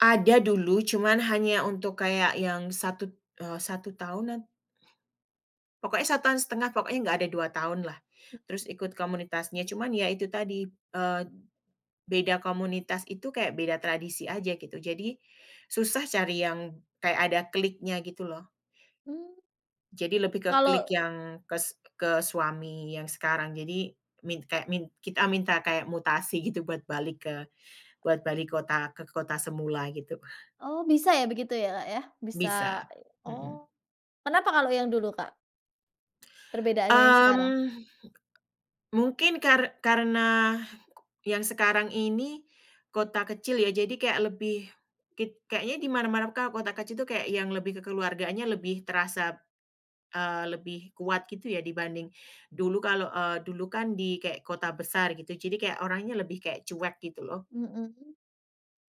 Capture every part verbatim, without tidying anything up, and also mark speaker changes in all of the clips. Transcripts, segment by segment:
Speaker 1: Ada dulu, cuman hanya untuk kayak yang satud eee, satu tahunan. Pokoke satu tahun setengah, pokoknya enggak ada dua tahun lah. Terus ikut komunitasnya, cuman ya itu tadi, eee, beda komunitas itu kayak beda tradisi aja, gitu. Jadi, susah cari yang kayak ada kliknya, gitu, loh.
Speaker 2: Hmm.
Speaker 1: Jadi, lebih ke klik
Speaker 2: Kalo
Speaker 1: yang kes ke suami yang sekarang, jadi min kek min kita minta kayak mutasi gitu buat balik ke buat balik kota ke kota semula gitu, Kak.
Speaker 2: Oh, bisa ya begitu ya, Kak, ya, bisa
Speaker 1: Bisa, mhm.
Speaker 2: oh, kenapa kalau yang dulu, Kak? Perbedaannya yang sekarang.
Speaker 1: Mmm, mungkin kar karena, yang sekarang ini, kota kecil, ya, jadi kayak lebih, kit kayaknya di mana-mana Kak, kota kecil itu kayak yang lebih kekeluargaannya lebih terasa, eee, lebih kuat, gitu, ya, dibanding dulu kalo, eee, dulu kan di kek kota besar gitu jadi kayak orangnya lebih kek cuek gitu, loh.
Speaker 2: Mhm.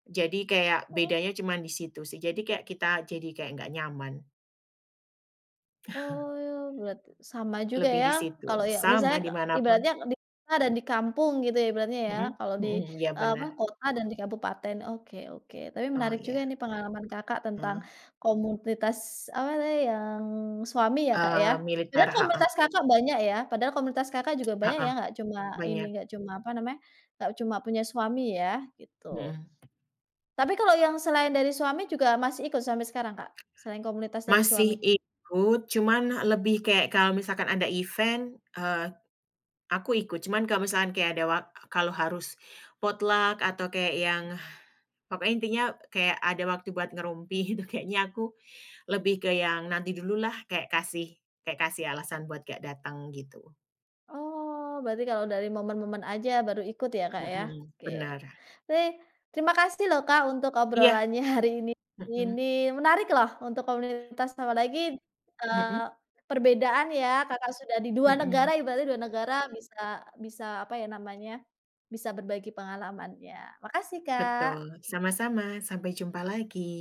Speaker 1: Jadi kayak
Speaker 2: Oh.
Speaker 1: bedanya cuman di situ sih, jadi kayak kita jadi kayak nggak nyaman.
Speaker 2: Oh, bulat, sama juga
Speaker 1: Lebih
Speaker 2: ya,
Speaker 1: di situ,
Speaker 2: kalau, ya
Speaker 1: sama
Speaker 2: misalnya k
Speaker 1: di mana pun.
Speaker 2: ibaratnya, di kota dan di kampung gitu, ya, ibaratnya, ya.
Speaker 1: Mhm,
Speaker 2: Kalau di,
Speaker 1: mhm mhm, iya,
Speaker 2: eee, apa,
Speaker 1: benar.
Speaker 2: kota dan di kabupaten, oke oke, tapi
Speaker 1: Oh,
Speaker 2: menarik juga
Speaker 1: iya.
Speaker 2: nih, pengalaman Kakak tentang
Speaker 1: Mhm.
Speaker 2: komunitas apa tadi yang suami ya, Kak, ya.
Speaker 1: Eee,
Speaker 2: Sebenarnya
Speaker 1: militer, heeh.
Speaker 2: komunitas Kakak banyak ya, padahal komunitas Kakak juga banyak ya,
Speaker 1: Heeh,
Speaker 2: nggak cuma ini,
Speaker 1: banyak.
Speaker 2: nggak cuma, apa namanya, nggak cuma punya, suami ya, gitu.
Speaker 1: Mhm.
Speaker 2: Tapi, kalau yang selain dari suami juga masih ikut sampai sekarang Kak, selain komunitas dari
Speaker 1: Masih
Speaker 2: suami?
Speaker 1: ikut, cuman lebih kayak kalau misalkan ada event, eee, aku ikut. Cuman kalau misalkan kayak ada wak kalau harus potluck, atau kayak yang pokoknya intinya kayak ada waktu buat ngerumpi, itu kayaknya aku lebih ke yang nanti dululah, kek kasih kek kasih alasan buat gak datang, gitu.
Speaker 2: Oh, berarti kalau dari momen-momen aja baru ikut, ya, Kak, ya,
Speaker 1: Mhm,
Speaker 2: oke.
Speaker 1: benar.
Speaker 2: Baik, terima kasih, loh, Kak, untuk
Speaker 1: Iya.
Speaker 2: obrolannya hari ini,
Speaker 1: Mhm.
Speaker 2: menarik loh, untuk komunitas, apalagi, eee,
Speaker 1: Mhm.
Speaker 2: perbedaan ya, Kakak sudah di dua
Speaker 1: Mhm.
Speaker 2: negara, ibaratnya dua negara, bisa bisa apa ya namanya, bisa berbagi pengalamannya. Makasih, Kak.
Speaker 1: Betul, sama-sama, sampai jumpa lagi.